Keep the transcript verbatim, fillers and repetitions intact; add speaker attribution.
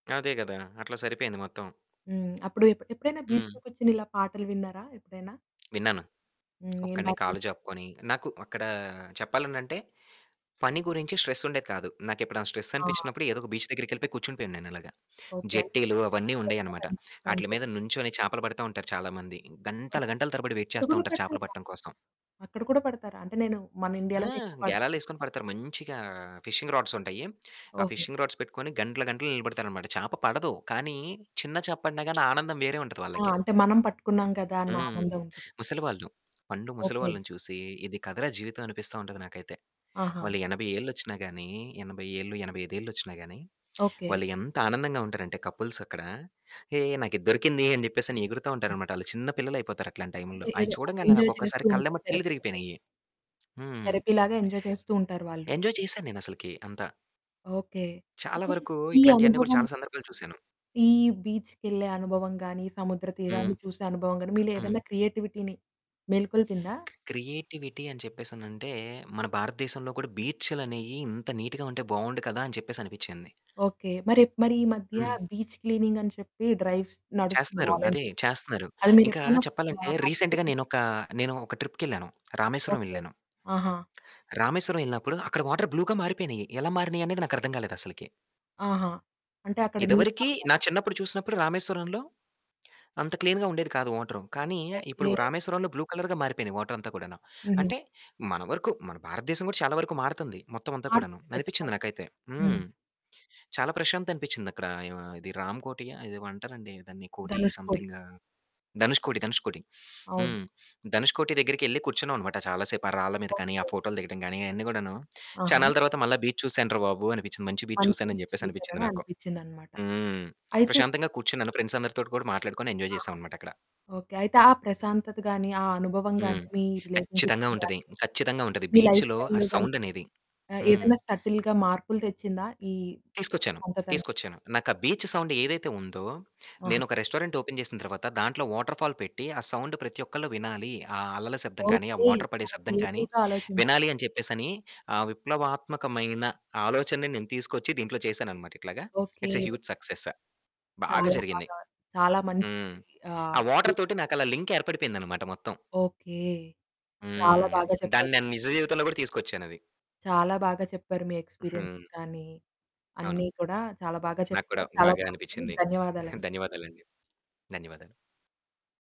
Speaker 1: అదే గదా! అట్లా సరిపోయింది మొత్తం.
Speaker 2: హ్మ్. అప్పుడు ఎప్పుడు ఎప్పుడైనా బీచ్‌లో
Speaker 1: హ్మ్.
Speaker 2: కూర్చొని ఇలా పాటలు విన్నారా ఎప్పుడైనా?
Speaker 1: విన్నాను.
Speaker 2: హ్మ్. ఏం
Speaker 1: ఒక్కడినే
Speaker 2: పాటలు
Speaker 1: కాళ్ళు
Speaker 2: విన్నారు?
Speaker 1: చాపుకొని నాకు అక్కడ చెప్పాలనంటే పని గురించి స్ట్రెసుండేది కాదు. నాకెప్పుడైనా
Speaker 2: ఆ!
Speaker 1: స్ట్రెసనిపించినప్పుడు ఎదో ఒక బీచ్ దగ్గరికెళ్లిపోయి కూర్చుండిపోయె వాడిని నేనలాగా.
Speaker 2: ఓకే. అంటే
Speaker 1: జెట్టీలు
Speaker 2: [unintelligible]
Speaker 1: అవన్నీ
Speaker 2: ఇంట్లో కూడా
Speaker 1: ఉండేయన్నమాట.
Speaker 2: మంచి
Speaker 1: ఆటిల
Speaker 2: [unintelligible]
Speaker 1: మీద నుంచొని చేపలు పడతా ఉంటారు చాలా మంది. గంటలు
Speaker 2: ఓకే.
Speaker 1: గంటలు తరబడి వైట్
Speaker 2: అక్కడ
Speaker 1: చేస్తా
Speaker 2: కూడా
Speaker 1: ఉంటారు చేపలు
Speaker 2: పెడతారా?
Speaker 1: పట్టడం కోసం.
Speaker 2: అక్కడ కూడా పెడతారా? అంటే నేను మన
Speaker 1: ఆ
Speaker 2: ఇండియాలోనే ఎక్కువ పెడతారు
Speaker 1: గేలాలేసుకొని పడతారు మంచిగా ఫిషింగ్ రాడ్స్ ఉంటాయి. ఆ
Speaker 2: ఓకే.
Speaker 1: ఫిషింగ్ రాడ్స్ పెట్టుకొని గంటలు గంటలు నిలబడతారనమాట. చాప పడదు కానీ చిన్న చేప పడిన గాని ఆనందం వేరే ఉంటది
Speaker 2: ఆ!
Speaker 1: వాళ్ళకి.
Speaker 2: అంటే మనం పట్టుకున్నాం గదా! అన్న
Speaker 1: హ్మ్.
Speaker 2: ఆనందం ఉంటుంది.
Speaker 1: ముసలివాళ్లు, పండు
Speaker 2: ఓకే.
Speaker 1: ముసలివాళ్ళని చూసి ఇది కథరా జీవితం అనిపిస్తా ఉంటది నాకైతే.
Speaker 2: ఆహా!
Speaker 1: వాళ్ళు ఎనభై ఏళ్ళొచ్చినా గానీ ఎనభై ఏళ్ళు, ఎనభై ఐదేళ్ళొచ్చినా గానీ
Speaker 2: ఓకే.
Speaker 1: వాళ్ళు ఎంత ఆనందంగా ఉంటారంటే కపుల్స్ అక్కడ హేయ్! నాకిది దొరికింది అని జెప్పేసని ఎగురుతా ఉంటారనమాట. ఆళ్ళు చిన్న పిల్లలయిపోతారు అట్లాంటి
Speaker 2: అంటే
Speaker 1: టైంలో. అయ్యి
Speaker 2: ఏదో
Speaker 1: చూడంగానే నాకు
Speaker 2: ఎంజాయ్ చేస్తూ
Speaker 1: ఒక్కసారి
Speaker 2: ఉంటారు
Speaker 1: కళ్ళెంబట నీళ్లు
Speaker 2: థెరపీలాగా.
Speaker 1: తిరిగిపోయినయి. హ్మ్.
Speaker 2: థెరపీలాగా ఎంజాయ్ చేస్తూ ఉంటారు వాళ్ళు.
Speaker 1: ఎంజాయ్ చేశాను నేను అసలకి అంత.
Speaker 2: ఓకే.
Speaker 1: చాలా
Speaker 2: అయితే
Speaker 1: వరకు
Speaker 2: ఈ
Speaker 1: ఇట్లాంటివన్నీ కూడా
Speaker 2: అనుభవం
Speaker 1: చాలా సందర్భాలు చూసాను.
Speaker 2: ఈ బీచ్‌కెళ్ళే అనుభవం గాని, సముద్ర
Speaker 1: హ్మ్.
Speaker 2: తీరాన్ని చూసే అనుభవం గాని మీలో ఏదైనా
Speaker 1: హ్మ్.
Speaker 2: క్రియేటివిటీని మేల్కొల్పిందా?
Speaker 1: క్రియేటివిటీ అని చెప్పేసనంటే మన భారతదేశంలో కూడా బీచ్చులనేయి ఇంత నీట్‌గా ఉంటే బావుండు కదా! అని చెప్పేసి అనిపించింది.
Speaker 2: ఓకే. మరి ఎ మరి ఈ మధ్య
Speaker 1: హ్మ్.
Speaker 2: బీచ్ క్లీనింగని చెప్పి డ్రైవ్స్ నడుస్తుంది.
Speaker 1: చేస్తున్నారు. అదే
Speaker 2: వాలంటీర్
Speaker 1: చేస్తున్నారు.
Speaker 2: అది
Speaker 1: ఇంకా
Speaker 2: మీరెప్పుడైనా
Speaker 1: చెప్పాలంటే
Speaker 2: ఆహ్, పార్టిసిపేట్
Speaker 1: రీసెంట్‌గా
Speaker 2: చేశారా?
Speaker 1: నేనొక నేను ఒక ట్రిప్‌కెళ్ళాను. రామేశ్వరం
Speaker 2: ఓకే.
Speaker 1: వెళ్ళాను.
Speaker 2: ఆహా!
Speaker 1: రామేశ్వరం ఎళ్ళినప్పుడు అక్కడ వాటరు బ్లూగా మారిపోయినియి. ఎలా మారినియనేది నాకర్థం గాలేదసలకి.
Speaker 2: ఆహా! అంటే అక్కడ నీట్‌గా
Speaker 1: ఇదివరికి నా
Speaker 2: ఉందదంతా!
Speaker 1: చిన్నప్పుడు చూసినప్పుడు రామేశ్వరంలో అంత క్లీన్‌గా ఉండేది కాదు వాటరు. కానీ ఇప్పుడు
Speaker 2: ఓకే.
Speaker 1: రామేశ్వరంలో బ్లూ కలరుగా మారిపోయినాయి వాటరంతా కూడాను.
Speaker 2: హుహు.
Speaker 1: అంటే మన వరకు మన భారతదేశం గూడా చాలా వరకు మారుతుంది మొత్తం అంతా కూడాను.
Speaker 2: మారుతుంది
Speaker 1: అనిపించింది
Speaker 2: ఖచ్చితంగా.
Speaker 1: నాకైతే.
Speaker 2: హ్మ్.
Speaker 1: హ్మ్. చాలా ప్రశాంతత అనిపించింది అక్కడ ఆహ్, య ఇది రాంకోటి ఆ ఇదేమో అంటారండి దాన్ని కోటి
Speaker 2: ధనుష్‌కోడి.
Speaker 1: సమెథింగ్ ఆహ్, ధనుష్‌కోటి, ధనుష్‌కొటి.
Speaker 2: అవును.
Speaker 1: హ్మ్ ధనుష్ కోటి దగ్గరికెళ్లి కూర్చున్నాం అనమాట చాలా సేపు ఆ రాళ్ళ మీద గాని ఆ
Speaker 2: ఓకే.
Speaker 1: ఫోటోలు దిగడం గాని అయన్నీ గూడాను
Speaker 2: ఆహా!
Speaker 1: చానల తరువాత మళ్ళా బీచ్ చూశాను రా బాబు అనిపించింది. మంచి బీచ్ చూశాను అని
Speaker 2: కనికరించి
Speaker 1: చెప్పేసనిపించింది
Speaker 2: చూశారని
Speaker 1: నాకు.
Speaker 2: అనిపించిందన్నమాట.
Speaker 1: హ్మ్.
Speaker 2: అయితే
Speaker 1: ప్రశాంతంగా కూర్చున్నాను ఫ్రెండ్స్ అందరితో కూడా మాట్లాడుకొని ఎంజాయ్ చేసాం
Speaker 2: ఆహా!
Speaker 1: అన్నమాట అక్కడ.
Speaker 2: ఓకే. అయితే ఆ ప్రశాంతత గాని, ఆ అనుభవం గాని,
Speaker 1: హ్మ్.
Speaker 2: మీ
Speaker 1: కచ్చితంగా
Speaker 2: రిలేషన్షిప్‌ని
Speaker 1: ఉంటది.
Speaker 2: గాని,
Speaker 1: ఖచ్చితంగా ఉంటది.
Speaker 2: మీ లైఫ్
Speaker 1: బీచ్‌లో ఆ
Speaker 2: స్టైల్‌లో గాని
Speaker 1: సౌండనేది.
Speaker 2: ఆ
Speaker 1: హ్మ్.
Speaker 2: ఏదైనా సటిల్‌గా మార్పులు తెచ్చిందా ఈ
Speaker 1: తీసుకొచ్చాను.
Speaker 2: సంతతని?
Speaker 1: తీసుకొచ్చాను. నాకా బీచ్ సౌండ్ ఏదైతే ఉందో
Speaker 2: ఆహా!
Speaker 1: నేనొక రెస్టారెంట్ ఓపెన్ చేసిన తర్వాత దాంట్లో వాటర్ ఫాల్ పెట్టి ఆ సౌండ్ ప్రతి ఒక్కళ్ళు వినాలి. ఆ అల్లల శబ్దం కానీ, ఆ
Speaker 2: ఓకే.
Speaker 1: వాటర్ పడే
Speaker 2: చాలా
Speaker 1: శబ్దం కాని
Speaker 2: క్రియేటివ్‌గా ఆలోచించి
Speaker 1: వినాలి అని చెప్పేసని ఆ విప్లవాత్మకమైన ఆలోచనని నేను తీసుకొచ్చి దీంట్లో చేశానన్నమాట ఇట్లాగ.
Speaker 2: Okay.
Speaker 1: It's a huge success. బాగా
Speaker 2: చాలా
Speaker 1: జరిగింది.
Speaker 2: బాగా చాలా మంచి
Speaker 1: హ్మ్.
Speaker 2: ఆహ్,
Speaker 1: ఆ వాటరు
Speaker 2: బ్యూటిఫుల్
Speaker 1: తోటి నాకలా లింక్ ఏర్పడిపోయిందన్నమాట మొత్తం.
Speaker 2: ఓకే.
Speaker 1: హ్మ్.
Speaker 2: చాలా
Speaker 1: అది.
Speaker 2: బాగా చెప్పారు.
Speaker 1: దాన్ని నేను నిజ జీవితంలో గూడా తీసుకొచ్చానది.
Speaker 2: చాలా బాగా చెప్పారు. మీ
Speaker 1: హ్మ్.
Speaker 2: ఎక్స్‌పీరియన్సెస్ కానీ
Speaker 1: అవును.
Speaker 2: అన్ని కూడా చాలా బాగా
Speaker 1: నాకు కూడా
Speaker 2: చెప్పారు. చాలా
Speaker 1: బాగా
Speaker 2: బావుంది.
Speaker 1: అనిపించింది.
Speaker 2: ధన్యవాదాలండి.
Speaker 1: ధన్యవాదాలండి. ధన్యవాదాలు.